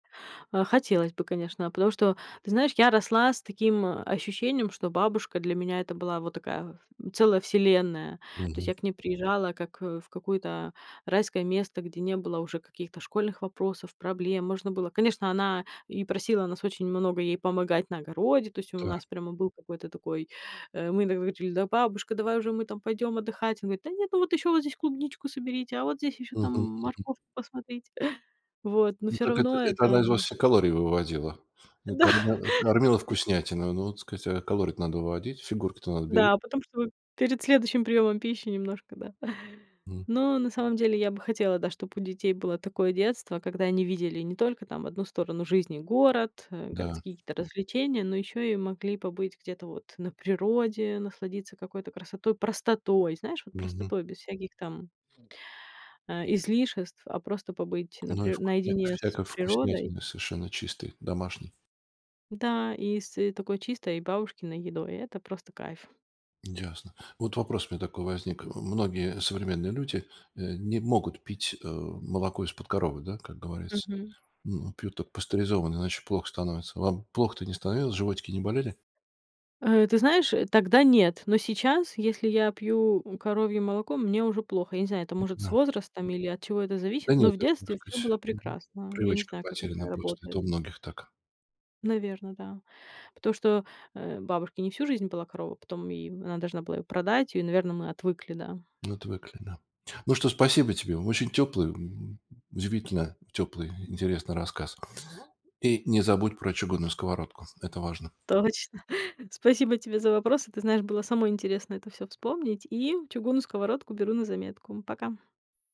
А хотелось бы, конечно. А потому что, ты знаешь, я росла с таким, а, ощущением, что бабушка для меня- это была вот такая, м, целая вселенная. То есть Мгм. я к ней приезжала как, э, в какое-то райское место, где не было уже каких-то школьных вопросов, проблем. Можно было Конечно, она и просила нас очень много ей помогать на огороде. То есть у Та. нас прямо был какой-то такой, э Мы иногда говорили: "Да, бабушка, давай уже мы там пойдём отдыхать". Она говорит: "Да нет, ну вот ещё вот здесь клубничку соберите, а вот здесь ещё там, Мгм мгм. морковку посмотрите". Вот, но Ну всё так, это равно это это, она из вас м все калории выводила. Да. Когда кормила вкуснятиной. Ну вот сказать, а калории-то надо выводить. Фигурки-то надо бере Да, а потом, чтобы перед следующим приёмом пищи немножко, да. М. Но на самом деле я бы хотела, да, чтоб у детей было такое детство, когда они видели не только там 1 сторону жизни, город, э, Да. городские какие-то развлечения, но ещё и могли побыть где-то вот на природе, насладиться какой-то красотой, простотой, знаешь, вот Мгм. простотой, без всяких там а излишеств, а просто побыть на Ну и при вкусня наедине с всякой природой. вкуснятины совершенно чистой домашней. Да, и с, э, такой чистой бабушкиной едой- это просто кайф. Ясно. Вот вопрос у меня такой возник. Э, многие современные люди, э, не могут пить, э, молоко из-под коровы, да, как говорится. Мгм. М, м, пьют только пастеризованное, иначе плохо становится. Вам плохо-то не становилось, животики не болели? Э, ты знаешь, э, тогда нет. Но сейчас, если я пью, у, коровье молоко, мне уже плохо. Я не знаю, это, может, с М-да. возрастом или от чего это Да зависит, но нет, в это, так детстве всё сказать было мгм, прекрасно. Я не привычка знаю, как это потеряна просто, работает. это у многих так. Наверно, да. Потому что, э, бабушки не всю жизнь была корова, потом, и в она должна была её продать, и, наверно, мы отвыкли, да. Отвыкли, да. Ну что, спасибо тебе. Очень тёплый, м, удивительно тёплый, интересный рассказ. И не забудь про чугунную сковородку. Это важно. Точно. Спасибо тебе за вопросы. Ты знаешь, было самой интересно это всё вспомнить. И чугунную сковородку беру на заметку. Пока.